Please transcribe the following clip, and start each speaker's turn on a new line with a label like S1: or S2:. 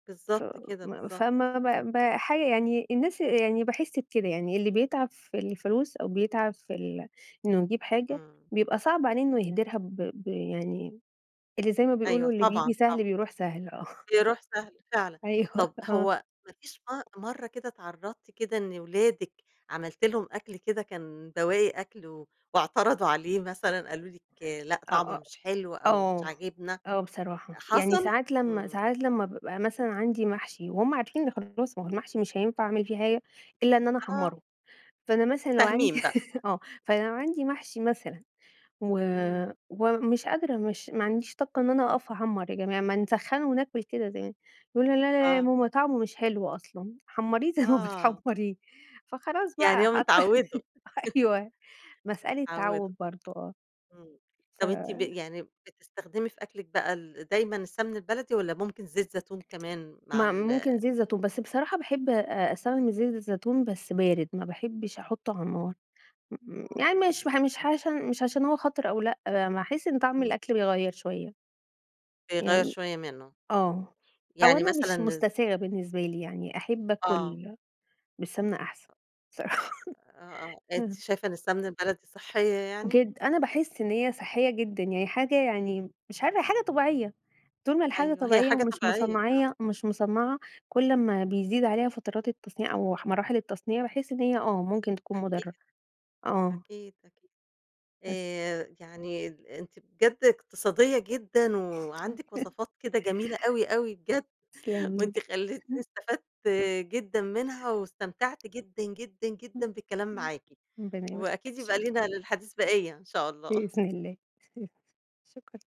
S1: بالضبط كده،
S2: فما
S1: بالضبط.
S2: فما ما ما حاجة يعني، الناس آآ، يعني باحس بكده، يعني اللي بيتعب في الفلوس أو بيتعب في ال إنه يجيب حاجة،
S1: إمم.
S2: بيبقى صعب عليه إنه يهدرها، ب ب يعني اللي زي ما
S1: أيوه
S2: بيقولوا، اللي
S1: طبعًا،
S2: بييجي سهل
S1: طبعًا.
S2: بيروح سهل، آه.
S1: بيروح سهل فعلًا،
S2: أيوه
S1: طب
S2: آه.
S1: هو ما فيش م مرّة كده اتعرضتِ كده إن اولادِك عملتِ لهم أكل كده كان بواقي أكل و واعترضوا عليه مثلًا، قالوا لِك لأ،
S2: آآ،
S1: طعمه
S2: آآ،
S1: مش حلو أو مش
S2: آه،
S1: عاجبنا،
S2: آه بصراحة يعني
S1: حصل؟
S2: ساعات لمّا
S1: إمم.
S2: ساعات لمّا بابقى مثلًا عندي محشي وهُم عارفين نخلّصه، ما هو المحشي مش هينفع أعمل فيه حاجة إلّا إن أنا
S1: آه.
S2: احمّره، فأنا مثلًا لو عندي
S1: فاهمين بقى.
S2: آه، فلو عندي محشي مثلًا و
S1: إمم.
S2: ومش قادرة مش ما عنديش طاقة إن أنا أوقف أحمّر يا جماعة ما نسخّنه وناكل كده زي يقولوا لأ، لأ يا
S1: آه.
S2: ماما طعمه مش حلو أصلًا، حمّريه زي ما
S1: آه.
S2: بتحمّريه. فخلاص
S1: يعني
S2: بقى
S1: هُم م
S2: حتى
S1: اتعوّدوا.
S2: ح أيوه مسألة
S1: اتعوّدوا.
S2: تعوّد برضه، آه.
S1: إمم،
S2: ف
S1: طيب أنتِ ب يعني بتستخدمي في أكلِك بقى ال دايمًا السمن البلدي، والّا ممكن زيت زيتون كمان؟ مع
S2: ما
S1: ال
S2: ممكن زيت زيتون، بس بصراحة باحب آآ أستخدم الزيت الزيتون بس بارد، ما باحبش أحطّه على النار، م يعني
S1: آه.
S2: مش باح مش عش مش عشان هو خطر أو لأ، ب ما احس إن طعم
S1: إمم.
S2: الأكل بيغيّر شوية.
S1: بيغيّر
S2: يعني
S1: شوية منّه، إمم
S2: آه، أو
S1: يعني
S2: أنا
S1: مثلًا
S2: مش
S1: الز
S2: مُستساغ بالنسبة لي يعني أحب
S1: آه.
S2: اكل بالسمنة أحسن،
S1: أ
S2: صراحة
S1: آه، آه أنتِ
S2: اهم.
S1: شايفة إن السمنة البلدي صحّية يعني؟
S2: جدًا، أنا باحس إن هي صحّية جدًا يعني، حاجة يعني مش عارفة هي حاجة طبيعية، طول ما الحاجة
S1: أيوه هي
S2: طبيعية
S1: حاجة
S2: ومش
S1: طبيعية فعلًا.
S2: مُصنّعية مش مصنّعة، كل أمّا بيزيد عليها فترات التصنيع أو أح مراحل التصنيع، باحس إن هي، آه ممكن تكون
S1: أكيد،
S2: مُضرّه، آه.
S1: أكيد، أكيد،
S2: بس.
S1: آآ يعني ال أنتِ بجد إقتصادية جدًا وعندِك
S2: تمام.
S1: وصفات كده جميلة أوي أوي بجد،
S2: تسلمي لي،
S1: وأنتِ خلّيتيني
S2: إحنا
S1: استفدت جدًا منها، واستمتعت جدًا، جدًا، جدًا بالكلام
S2: إمم.
S1: معاكِ،
S2: إمم
S1: وأكيد يبقى
S2: [unintelligible]
S1: لينا للحديث بقيّة إن شاء الله.
S2: بإذن الله، شكرًا.